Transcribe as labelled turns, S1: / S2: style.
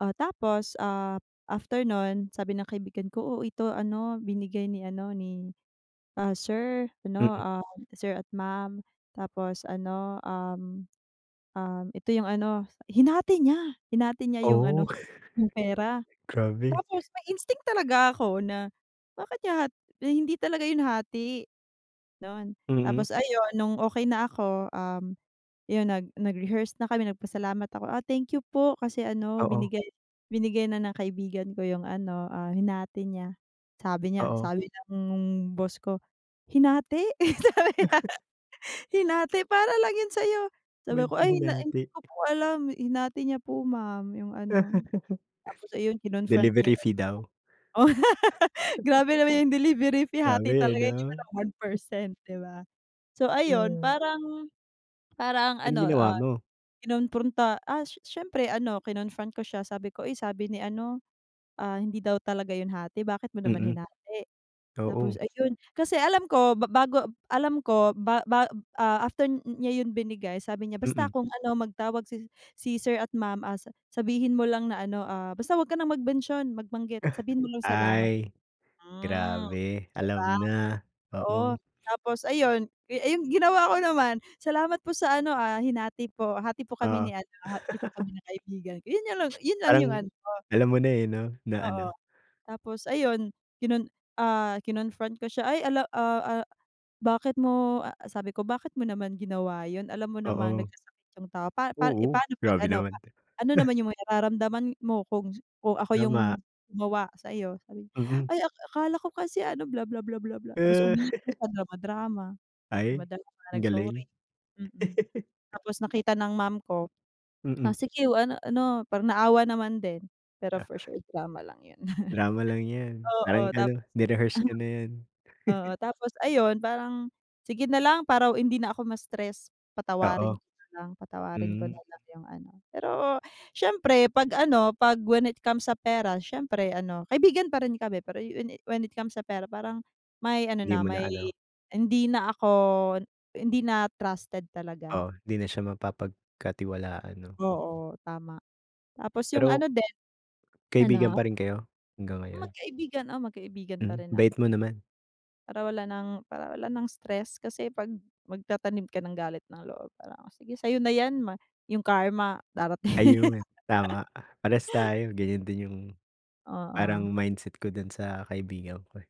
S1: Ah, tapos, ah, after non sabi ng kaibigan ko, "O, ito ano binigay ni ano ni, ah, sir 'no,
S2: Mm.
S1: sir at ma'am," tapos ano, um, um, ito yung ano hinati niya, hinati niya yung
S2: Oh.
S1: ano, yung pera.
S2: Grabe.
S1: Tapos may instinct talaga ako na, bakit niya hat hindi talaga yun hati, don.
S2: Mm.
S1: Tapos ayun nung okey na ako, um, yung nag nag-rehearse na kami nag pasalamat ako, ah, "Thank you po kasi ano
S2: Oo.
S1: binigay, binigay na ng kaibigan ko yung ano, ah, hinati niya," sabi niya,
S2: Oo.
S1: sabi ng boss ko, "Hinati?" Sabi niya, "Hinati? Para lang yan sayo,"
S2: Bat
S1: sabi ko,
S2: niya
S1: "Ay na hindi
S2: hinati?
S1: ko po alam hinati niya po ma'am yung ano," tapos ayun kinon-front niya
S2: Delivery
S1: yun.
S2: fee daw.
S1: Grabe naman yung delivery fee hati
S2: Grabe
S1: talaga 'di man
S2: 'no.
S1: lang 1%, 'di ba? So ayun
S2: Mm.
S1: parang, parang
S2: Anong
S1: ano,
S2: ginawa
S1: ah,
S2: mo?
S1: kinompronta, ah, s syempre ano kinon-front ko siya sabi ko, "Uy sabi ni ano, ah, hindi daw talaga yun hati, bakit mo naman
S2: Mm.
S1: hinati?" Tapos
S2: Oo.
S1: ayun, kasi alam ko ba ba bago, alam ko ba ba ah, after niya yun binigay sabi niya, "Basta
S2: Mm.
S1: kung ano magtawag si sir at ma'am, ah, sabihin mo lang na ano, ah, basta wag ka nang mag mention, mag banggit, sabihin mo lang salamat."
S2: Ay,
S1: Hmm.
S2: Grabe
S1: 'Di
S2: alam
S1: ba?
S2: na,
S1: Oo,
S2: oo.
S1: tapos ayun, ay yung ginawa ko naman, "Salamat po sa ano, ah, hinati po, hati po kami
S2: Oo.
S1: ni ano, hati po kami ng kaibigan ko," yun, yun lang yung
S2: Parang,
S1: ano.
S2: alam mo na eh 'no? Na
S1: Oo,
S2: ano.
S1: tapos ayun kinon ah, kinon-front ko siya, "Ay alam ah, ah, bakit mo" sabi ko, "Bakit mo naman ginawa yun? Alam mo namang
S2: Oo.
S1: nagkasakit yung tao pa pa eh
S2: Oo.
S1: paano pag
S2: Grabe
S1: ano pa,
S2: naman.
S1: ano naman yung may nararamdaman mo kung kung ako yung,
S2: Tama.
S1: gumawa sayo." Sabi niya,
S2: Mm.
S1: "Ay akala ko kasi ano bla bla bla bla bla," tapos
S2: Eh.
S1: umiyak na siya drama-drama,
S2: Ay,
S1: drama-drama
S2: ang galing.
S1: nag-sorry, mm. Tapos nakita ng ma'am ko,
S2: Mm.
S1: "Ah, sige ano ano" parang naawa naman din, pero
S2: Ah.
S1: for sure drama lang yun.
S2: Drama lang yan. Parang
S1: Oo tapos,
S2: ano
S1: [unintelligible]
S2: ni-rehearse ka na niyan.
S1: oo, tapos ayun parang, sige nalang para hindi na ako ma-stress, patawarin
S2: Oo.
S1: ko nalang, patawarin ko
S2: Hmm.
S1: nalang yung ano. Pero syempre pag ano, pag when it comes sa pera syempre ano kaibigan pa rin kami pero when it when it comes sa pera parang, may ano
S2: Hindi
S1: na
S2: mo na
S1: may,
S2: ano.
S1: hindi na ako, hindi na trusted talaga.
S2: Oh, di na siya mapapagkatiwalaan no.
S1: Oo tama. Tapos yung
S2: Pero
S1: ano din
S2: kaibigan
S1: ano?
S2: pa rin kayo? Hanggang ngayon?
S1: Magkaibigan, oo magkaibigan pa
S2: Mm,
S1: rin na
S2: bait mo naman.
S1: Para wala ng para wala ng stress kasi 'pag magtatanim ka ng galit ng loob para sige sayo na yan ma yung karma darating din.
S2: Ayun tama. Parehas tayo ganyan din yung,
S1: Oo.
S2: parang mindset ko dun sa kaibigan ko eh.